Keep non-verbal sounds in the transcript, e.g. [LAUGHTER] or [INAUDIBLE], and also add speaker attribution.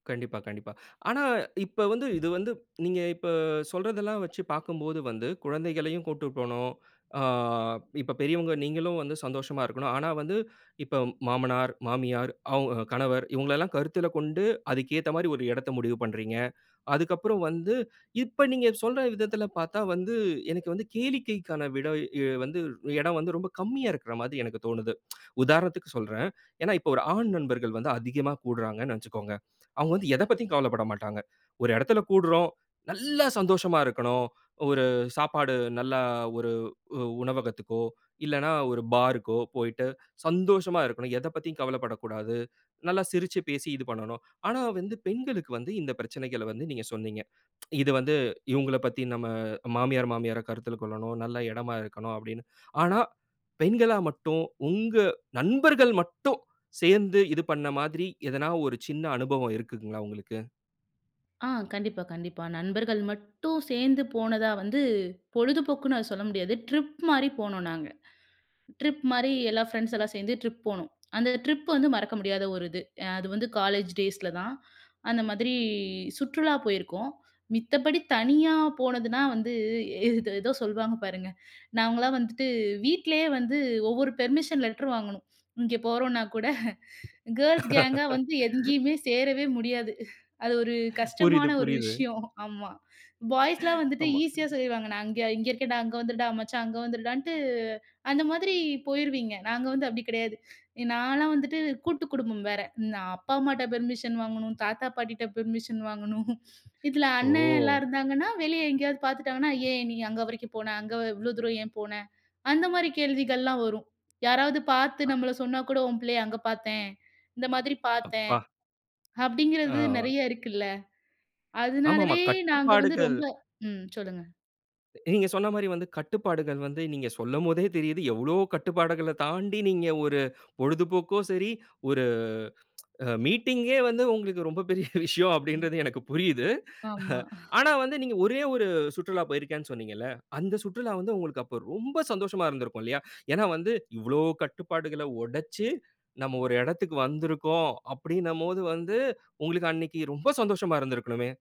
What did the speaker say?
Speaker 1: கண்டிப்பா, கண்டிப்பா. ஆனா இப்போ வந்து இது வந்து, நீங்க இப்ப சொல்றதல்லாம் வச்சு பாக்கும்போது வந்து, குழந்தைகளையும் கூட்டு போணும். ஆ இப்ப பெரியவங்க நீங்களும் வந்து சந்தோஷமா இருக்கணும். ஆனா, வந்து இப்ப மாமனார், மாமியார், அவுங்க கணவர் இவுங்களல்லாம் கருத்தில கொண்டு, அதுக்கு ஏத்த மாரி ஒரு எடத்தை முடிவு பண்றீங்க. அதுக்கு அப்புறம் வந்து, இப்ப நீங்க சொல்ற விதத்தில பாத்தா வந்து, எனக்கு வந்து கேளிக்கைக்கான விடை வந்து, எடம் வந்து ரொம்ப கம்மியா இருக்கிற மாதி எனக்கு தோணுது. [TSK] உதாரணத்துக்கு சொல்றேன். ஏன்னா இப்போ ஒரு ஆண் நண்பர்கள் வந்து அதிகமா கூடுறாங்கன்னு வச்சுக்கோங்க. [CLICKS TONGUE] அவுங்க வந்து எத பத்தியும் கவலப்பட மாட்டாங்க. ஒரு எடத்தில கூடுறோம். நல்லா சந்தோஷமா இருக்கணும். ஒரு சாப்பாடு நல்ல ஒரு உ உணவகத்துக்கோ, இல்லன்னா ஒரு பாருக்கோ போய்ட்டு சந்தோஷமா இருக்கணும். எதை பத்தி கவலப்படக்கூடாது. நல்லா சிரிச்சு பேசி இது பண்ணணும். ஆனா வந்து பெண்களுக்கு வந்து இந்த பிரச்சனைகள வந்து நீங்க சொன்னீங்க. [TSK] இது வந்து, இவுங்கள பத்தி நம்ம மாமியார், மாமியார கருத்தில கொள்ளணும். நல்ல எடமா இருக்கணும் அப்டின்னு. ஆனா, பெண்களா மட்டும், உங்க நண்பர்கள் மட்டும், சேந்து இது பண்ண மாதிரி, எதனா ஒரு சின்ன அனுபவம் இருக்குங்களா உங்களுக்கு?
Speaker 2: ஆ கண்டிப்பா, கண்டிப்பா. நண்பர்கள் மட்டும் சேந்து போனதா வந்து, பொழுதுபோக்குன்னு அத சொல்ல முடியாது, ட்ரிப் மாரி போனோம் நாங்க. ட்ரிப் மாரி எல்லா ஃப்ரெண்ட்ஸ்லாம் சேந்து ட்ரிப் போனோம். அந்த ட்ரிப் வந்து மறக்க முடியாத ஒரு இது. அ அது வந்து காலேஜ் டேய்ஸ்ல தான் அந்த மாதிரி சுற்றுலா போயிருக்கோம். மித்த படி தனியா போனதுனா வந்து [CHUCKLES] இது ஏதோ சொல்வாங்க பாருங்க! நாங்கலாம் வந்துட்டு வீட்லயே வந்து, ஒவ்வொரு பெர்மிஷன் லெட்டர் வாங்கணும். இங்கே போறோம்ன்னா கூட [CHUCKLES] கேர்ல்ஸ் கேங்கா வந்து எங்கேயுமே
Speaker 1: [LAUGHS]
Speaker 2: சேரவே முடியாது. அது ஒரு கஷ்டமான
Speaker 1: புரியுது
Speaker 2: ஒரு
Speaker 1: புரியுது.
Speaker 2: விஷயம். ஆமா பாய்ஸ்லாம்
Speaker 1: [CHUCKLES]
Speaker 2: வந்துட்டு [CHUCKLES]
Speaker 1: ஆமா.
Speaker 2: ஈசியா சொல்லிருவாங்க. நான் இங்க இங்க இருக்கேன்டா அங்க வந்துருடா மச்சான் அங்க வந்துருடாண்ட்டு அந்த மாதிரி போய்ருவீங்க. நாங்க வந்து அப்டி கெடையாது. எ நான் எல்லாம் வந்துட்டு கூட்டுக்குடும்பம் வேற. நா அப்பா அம்மாட்ட பெர்மிஷன் வாங்கணும், தாத்தா பாட்டிட்ட பெர்மிஷன் வாங்கணும். [CHUCKLES] இதில அண்ணலாம்
Speaker 1: ஓ!
Speaker 2: இருந்தாங்கன்னா, வெளியே எங்கேயாவது பாத்துட்டாங்கன்னா, ஏன் நீ அங்க வரைக்கும் போன? அங்க இவ்வளோ தூரம் ஏன் போன? அந்த மாரி கேள்விகள் எல்லாம் வரும். யாராவது பாத்து
Speaker 1: அ.
Speaker 2: நம்மள சொன்னா கூட, "உன் புள்ளைய அங்க பாத்தேன்! இந்த மாதிரி பாத்தேன்!"
Speaker 1: அப்பா! ஆ.
Speaker 2: அப்டிங்கிறது நெறைய இருக்குல்ல!
Speaker 1: ஆமாமா,
Speaker 2: அதனாலவே நாங்க வந்து
Speaker 1: கட்டுப்பாடுகள்
Speaker 2: ரொம்ப ம் சொல்லுங்க!
Speaker 1: நீங்க சொன்ன மாரி வந்து கட்டுப்பாடுகள் வந்து, நீங்க சொல்லும் போதே தெரியிது, எவ்வளோ கட்டுப்பாடுகள தாண்டி, நீங்க ஒரு பொழுதுபோக்கோ சரி, ஒரு [TSK] அ மீட்டிங்யே வந்து உங்களுக்கு ரொம்ப பெரிய விஷயம்.
Speaker 2: ம்.
Speaker 1: அப்படின்றது எனக்கு புரியுது.
Speaker 2: ஆமா. [CHUCKLES]
Speaker 1: ஆனா வந்து, நீங்க ஒரே 1 சுற்றுலா போயிருக்கேன்னு சொன்னீங்கள்ல. அந்த சுற்றுலா வந்து உங்களுக்கு அப்ப ரொம்ப சந்தோஷமா இருந்திருக்கும் இல்லையா, ஏன்னா வந்து இவ்வளோ கட்டுப்பாடுகள ஒடச்சு, நம்ம ஒரு எடத்துக்கு வந்திருக்கோம் அப்டினம்போது போது வந்து, உங்களுக்கு அன்னைக்கு ரொம்ப சந்தோஷமா இருந்திருக்கணுமே!